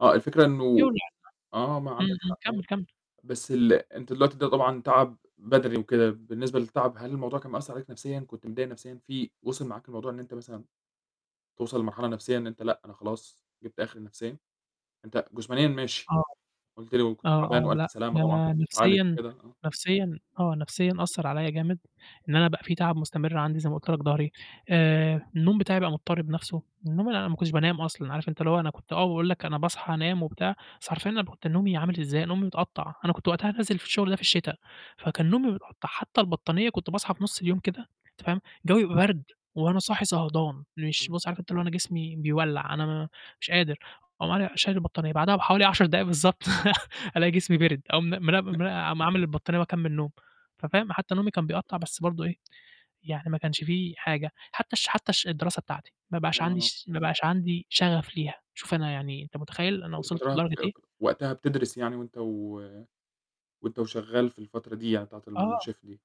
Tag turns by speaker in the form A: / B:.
A: آه، الفكرة إنه
B: [unintelligible] امم،
A: آه، ما عندك
B: امم،
A: حق آه،
B: كمل، كمل.
A: بس ال أنت دلوقتي ده طبعًا تعب بَدَني وكده، بالنسبة للتعب هل الموضوع كان مأثّر عليك نفسيًا، كنت متضايق نفسيًا في وصل معاك الموضوع إن أنت مثلًا توصل لمرحلة نفسيًا إن أنت لأ أنا خلاص جِبت آخري نفسيًا؟ أنت جسمانيًا ماشي،
B: آه،
A: قُلت لي كنت
B: آه،
A: تعبان
B: آه،
A: وألف
B: لأ،
A: سلامة طبعًا
B: ده
A: بتتعالج
B: نفسيًا
A: وكده، آه.
B: نفسيًا آه، نفسيًا أثّر عليَّ جامد، إن أنا بقى في تعب مستمر عندي زي ما قُلت لك ضهري، آآ، النوم بتاعي بقى مضطرب نفْسُه، النوم أنا ما كنتش بانام أصلًا، عارف أنت اللي هو أنا كنت آه باقول لك أنا باصحى أنام وبتاع، بس حرفيًا أنا ب كنت نومي عامل إزاي، نومي متقطّع، أنا كنت وقتها نازل في الشغل ده في الشتا، فكان نومي أحط حتى البطانية كنت باصحى في نُصّ اليوم كده، أنت فاهم، الجو يبقى برد، وأنا صاحي صهدان، مش
A: إمم.
B: بُصّ عارف أنت اللي هو أنا جسمي بيولّع أنا م مش قادر، أقوم أنا شايل البطانية، بعدها بحوالي 10 دقايق بالضبط ألاقي جسمي بِرِد، أقوم م نم
A: [unintelligible]
B: عا عامل البطانية وأكمّل نوم. ففاهم، حتى نومي كان بيقطّع، بس برضه إيه، يعني ما كانش في حاجة، حتى الش حتى الش الدراسة بتاعتي، ما بقاش عندي
A: آه.
B: ش ما يبقاش عندي شغف ليها، شوف أنا يعني أنت متخيّل،
A: أنت
B: أنا
A: كنت
B: وصِلت
A: فترتها ب
B: لدرجة إيه؟
A: وقتها بتدرس يعني وأنت و وأنت وشغال في الفترة دي يعني بتاعة
B: آه.
A: الChef دي.